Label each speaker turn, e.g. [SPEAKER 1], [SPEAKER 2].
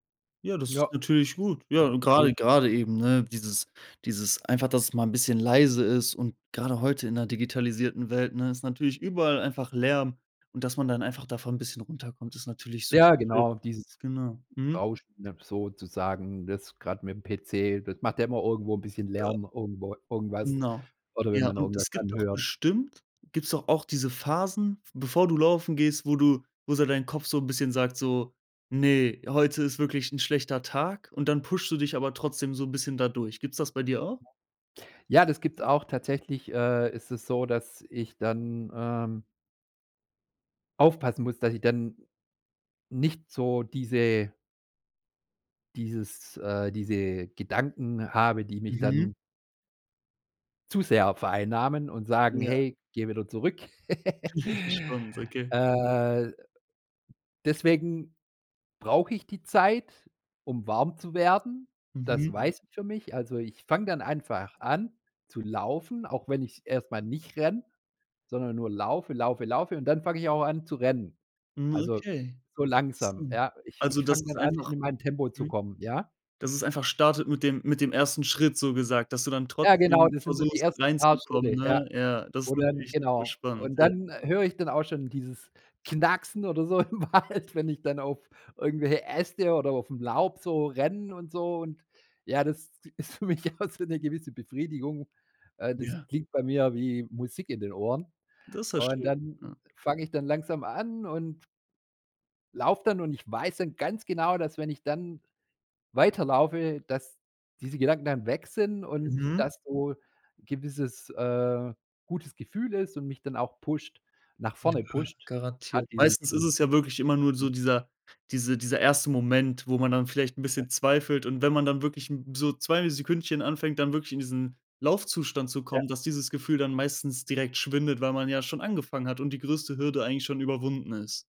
[SPEAKER 1] Ja, das
[SPEAKER 2] Ja.
[SPEAKER 1] ist natürlich gut. Ja, gerade
[SPEAKER 2] Schön.
[SPEAKER 1] gerade eben, ne, dieses dieses einfach, dass es mal 'n bisschen leise ist und gerade heute in 'ner digitalisierten Welt, ne, ist natürlich überall einfach Lärm und dass man dann einfach davon 'n bisschen runterkommt, ist natürlich super
[SPEAKER 2] Ja,
[SPEAKER 1] schön.
[SPEAKER 2] dieses
[SPEAKER 1] Genau, mhm.
[SPEAKER 2] Rauschen sozusagen, das gerade mit'm PC, das macht ja immer irgendwo 'n bisschen
[SPEAKER 1] Ja.
[SPEAKER 2] Lärm irgendwo irgendwas
[SPEAKER 1] Genau.
[SPEAKER 2] oder wenn
[SPEAKER 1] Ja,
[SPEAKER 2] man
[SPEAKER 1] und
[SPEAKER 2] irgendwas
[SPEAKER 1] es gibt doch
[SPEAKER 2] anhört.
[SPEAKER 1] bestimmt gibt's doch auch diese Phasen, v bevor du laufen gehst, wo du wo so dein Kopf so 'n bisschen sagt, so: „Ne, heute ist wirklich 'n schlechter Tag.“ Und dann pushst du dich aber trotzdem so 'n bisschen da durch. Gibt's das bei dir auch?
[SPEAKER 2] Ja, das gibt's auch. Tatsächlich, äh, ist es so, dass ich dann, ähm aufpassen muss, dass ich dann nicht so diese dieses äh, diese Gedanken habe, die mich
[SPEAKER 1] Mhm.
[SPEAKER 2] dann zu sehr vereinnahmen und sagen:
[SPEAKER 1] Ja.
[SPEAKER 2] „Hey, geh wieder zurück.“
[SPEAKER 1] Spannend. Okay.
[SPEAKER 2] Äh, deswegen brauche ich die Zeit, um warm zu werden. Das
[SPEAKER 1] Mhm.
[SPEAKER 2] weiß ich für mich. Also ich fange dann einfach an zu laufen, auch wenn ich's erst mal nicht renne, sondern nur laufe, laufe, laufe und dann fange ich auch an zu rennen.
[SPEAKER 1] Hm,
[SPEAKER 2] Also
[SPEAKER 1] okay.
[SPEAKER 2] so langsam,
[SPEAKER 1] Interessant.
[SPEAKER 2] ja? Ich
[SPEAKER 1] Also,
[SPEAKER 2] ich
[SPEAKER 1] dass
[SPEAKER 2] fange
[SPEAKER 1] es
[SPEAKER 2] dann an,
[SPEAKER 1] einfach
[SPEAKER 2] in mein Tempo zu
[SPEAKER 1] mhm.
[SPEAKER 2] kommen, ja?
[SPEAKER 1] Dass es einfach startet mit dem mit dem 1. Schritt, so gesagt, dass du dann
[SPEAKER 2] Ja, genau,
[SPEAKER 1] trotzdem
[SPEAKER 2] das sind so die
[SPEAKER 1] versuchst,
[SPEAKER 2] ersten paar
[SPEAKER 1] reinzukommen,
[SPEAKER 2] Schritte,
[SPEAKER 1] ne?
[SPEAKER 2] ja,
[SPEAKER 1] Ja, das
[SPEAKER 2] wo
[SPEAKER 1] ist
[SPEAKER 2] dann
[SPEAKER 1] natürlich super
[SPEAKER 2] genau
[SPEAKER 1] spannend,
[SPEAKER 2] und
[SPEAKER 1] ja.
[SPEAKER 2] dann, äh, höre ich dann auch schon dieses Knacksen oder so im Wald, wenn ich dann auf irgendwelche Äste oder auf'm Laub so renne und so. Und ja, das ist für mich auch so 'ne gewisse Befriedigung, äh, das
[SPEAKER 1] Ja.
[SPEAKER 2] klingt bei mir wie Musik in den Ohren
[SPEAKER 1] Das ist ja
[SPEAKER 2] und
[SPEAKER 1] schön,
[SPEAKER 2] dann
[SPEAKER 1] ja.
[SPEAKER 2] fange ich dann langsam an und laufe dann und ich weiß dann ganz genau, dass wenn ich dann weiterlaufe, dass diese Gedanken dann weg sind und,
[SPEAKER 1] Mhm.
[SPEAKER 2] dass so gewisses, äh, gutes Gefühl ist und mich dann auch pusht nach
[SPEAKER 1] Ja,
[SPEAKER 2] vorne pusht, grad
[SPEAKER 1] garantiert.
[SPEAKER 2] diese
[SPEAKER 1] Meistens ist
[SPEAKER 2] diese
[SPEAKER 1] es ja wirklich immer nur
[SPEAKER 2] Hm.
[SPEAKER 1] so dieser diese dieser 1. Moment, wo man dann vielleicht 'n
[SPEAKER 2] Ja.
[SPEAKER 1] bisschen zweifelt und wenn man dann wirklich, hm, so 2 Sekündchen anfängt, dann wirklich in diesen Laufzustand zu
[SPEAKER 2] Ja.
[SPEAKER 1] kommen, dass dieses Gefühl dann meistens direkt schwindet, weil man ja schon angefangen hat und die größte Hürde eigentlich schon überwunden ist.